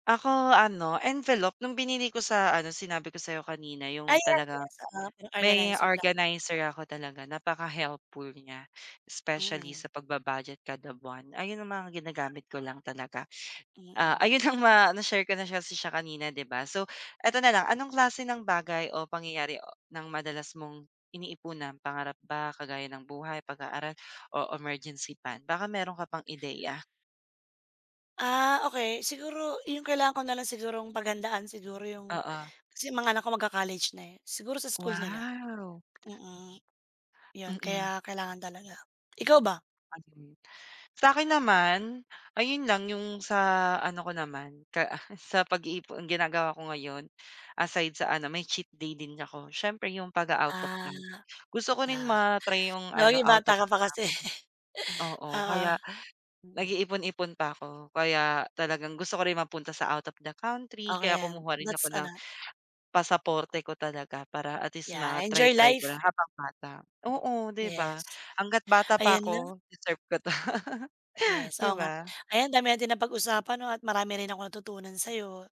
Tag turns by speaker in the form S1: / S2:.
S1: Ako ano envelope, nung binili ko sa ano sinabi ko sa'yo kanina,
S2: Ah,
S1: yung
S2: yes,
S1: talagang
S2: yes. Ah
S1: may
S2: organizer pla
S1: organizer ako talaga, napaka-helpful niya, specially
S2: Mm.
S1: sa pagba-budget kada buwan. Ayun ang mga ginagamit ko lang talaga, ah,
S2: Mm.
S1: ayun ang ma na-share ko na siya siya kanina, 'di ba? So eto na lang, anong klase ng bagay o pangyayari ng madalas mong iniipunan pangarap ba, kagaya ng buhay, pag-aaral o emergency fund? Baka meron ka pang ideya.
S2: Ah, okey. Siguro 'yung kailangan ko na lang sigurong paghandaan siguro yung
S1: Oo.
S2: kasi yung mga anak ko magka-college na, eh. Siguro sa school nila,
S1: Wow.
S2: mm, 'yon,
S1: Mm.
S2: kaya kailangan talaga. Ikaw ba?
S1: Ayun. Sa'kin naman, ayun lang yung sa ano ko naman ka ah sa pag-iipon, ang ginagawa ko ngayon, aside sa ano, may cheat day din ako siyempre yung pag-a-out of
S2: Ah,
S1: town. Gusto ko rin
S2: ah,
S1: ma-try yung
S2: no
S1: ano
S2: yung
S1: out
S2: bata
S1: of
S2: ka
S1: town.
S2: pa kasi.
S1: Oo
S2: Oo.
S1: kaya nag-iipon-ipon pa ako, kaya talagang gusto ko rin mapunta sa out of the country
S2: Okey
S1: kaya
S2: yan,
S1: kumuha rin ako
S2: that's
S1: ng
S2: ano
S1: pasaporte ko talaga para at least
S2: Yeah,
S1: ma-try
S2: enjoy
S1: try ko
S2: life.
S1: lang habang bata. Oo, 'di ba,
S2: Yes,
S1: hangga't bata pa
S2: ayan na.
S1: ako deserve ko 'to.
S2: Yes,
S1: 'Di
S2: oo nga.
S1: ba?
S2: Ayan ang dami nating napag-usapan 'no, at marami rin akong natutunan sa'yo.